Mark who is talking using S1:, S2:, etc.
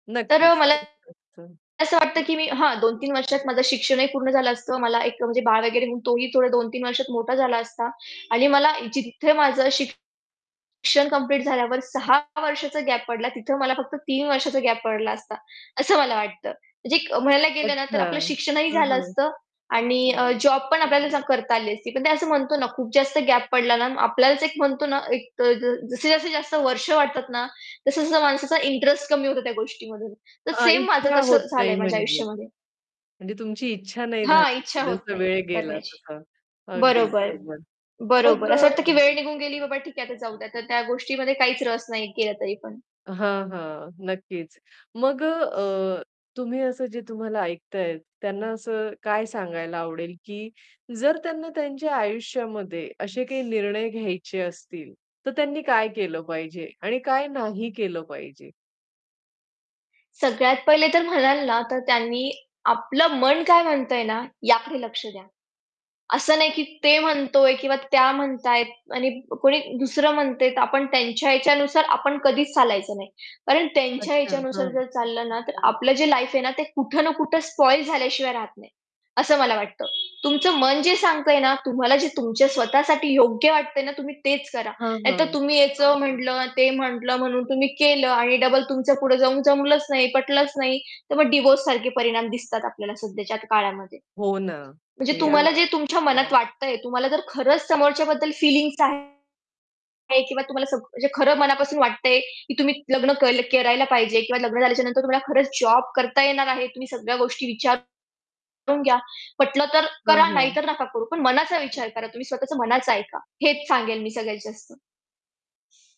S1: तर अ,
S2: नक्कीच.
S1: मला
S2: [unintelligible]
S1: असं वाटतं की मी हां, 2-3 वर्षात माझं शिक्षणही पूर्ण झालं असतं. मला एक म्हणजे बाळ वगैरे म्हणून तोही थोडे 2-3 वर्षात मोठा झाला असता. आणि मला जिथे माझं शिक्षण कंप्लीट झाल्यावर 6 वर्षाचा गॅप पडला, तिथं मला फक्त 3 वर्षाचा गॅप पडला असता. असं मला वाटतं. म्हणजे म्हणायला गेलं ना
S2: अच्छा,
S1: तर आपलं शिक्षणही
S2: हं,
S1: झालं
S2: हं.
S1: असतं आणि अ, जॉब पण आपल्याला करता आली असती. पण ते असं म्हणतो ना, खूप जास्त गॅप पडला ना आपल्यालाच एक म्हणतो ना, एक ज जसं-जसं जास्ती जास्त वर्ष वाटतात ना, तसं-तसं माणसाचा इंटरेस्ट कमी होतो त्या गोष्टीमधून. तर
S2: हां,
S1: सेम माझं
S2: इच्छा होत
S1: तसं
S2: नाही
S1: झालंय माझ्या
S2: म्हणजे.
S1: आयुष्यामध्ये.
S2: म्हणजे तुमची इच्छा नाही
S1: हां,
S2: झाली,
S1: इच्छा होत
S2: जसं-जसं
S1: नाही
S2: वेळ गेला
S1: करण्याची.
S2: तसा. अगदी
S1: बरोबर.
S2: बरोबर, मग
S1: बरोबर. असं
S2: अ
S1: वाटतं, की वेळ निघून गेली बाबा ठीक आहे आता जाऊ द्या. तर त्या गोष्टीमध्ये काहीच रस नाही केला तरी पण.
S2: हां, हां, नक्कीच. मग अ, अ, तुम्ही असं जे तुम्हाला ऐकतायेत त्यांना असं काय सांगायला आवडेल, की जर त्यांना त्यांच्या आयुष्यामध्ये असे काही निर्णय घ्यायचे असतील, तर त्यांनी काय केलं पाहिजे आणि काय नाही केलं पाहिजे?
S1: सगळ्यात पहिले तर म्हणाल ना, तर त्यांनी आपलं मन काय म्हणतंय ना, याकडे लक्ष द्या. असं नाही, की ते म्हणतोय किंवा त्या म्हणतायेत आणि अ, कोणी दुसरं म्हणतंय, तर आपण त्यांच्या याच्यानुसार आपण कधीच चालायचं नाही. कारण त्यांच्या
S2: अच्छा,
S1: याच्यानुसार
S2: हां.
S1: जर चाललं ना, तर आपलं जे लाईफ आहे ना, ते कुठे ना कुठे स्पॉइल झाल्याशिवाय राहत नाही. असं मला वाटतं. तुमचं मन जे सांगतंय ना, तुम्हाला जे तुमच्या स्वतःसाठी योग्य वाटतंय ना, तुम्ही तेच करा.
S2: हां,
S1: नाहीतर
S2: हां.
S1: तुम्ही याचं म्हटलं, ते म्हटलं, म्हणून तुम्ही केलं आणि डबल तुमच्या पुढे जाऊन जमलंच नाही, पटलंच नाही, तर मग डिव्होर्स सारखे परिणाम दिसतात आपल्याला सध्याच्या काळामध्ये.
S2: हो ना,
S1: म्हणजे
S2: ते आ
S1: तुम्हाला जे तुमच्या मनात वाटतंय, तुम्हाला जर खरंच समोरच्या बद्दल फीलिंग्स आहेत किंवा तुम्हाला सग म्हणजे खरं मनापासून वाटतंय, की तुम्ही लग्न के करायला पाहिजे. किंवा लग्न झाल्याच्यानंतर तुम्हाला खरंच जॉब करता येणार आहे. तुम्ही सगळ्या गोष्टी विचार करून घ्या. पटलं तर
S2: हां,
S1: करा नाही
S2: हां.
S1: तर नका करू. पण मनाचा विचार करा. तुम्ही स्वतःच मनाचं ऐका. हेच सांगेल मी सगळ्यात जास्त.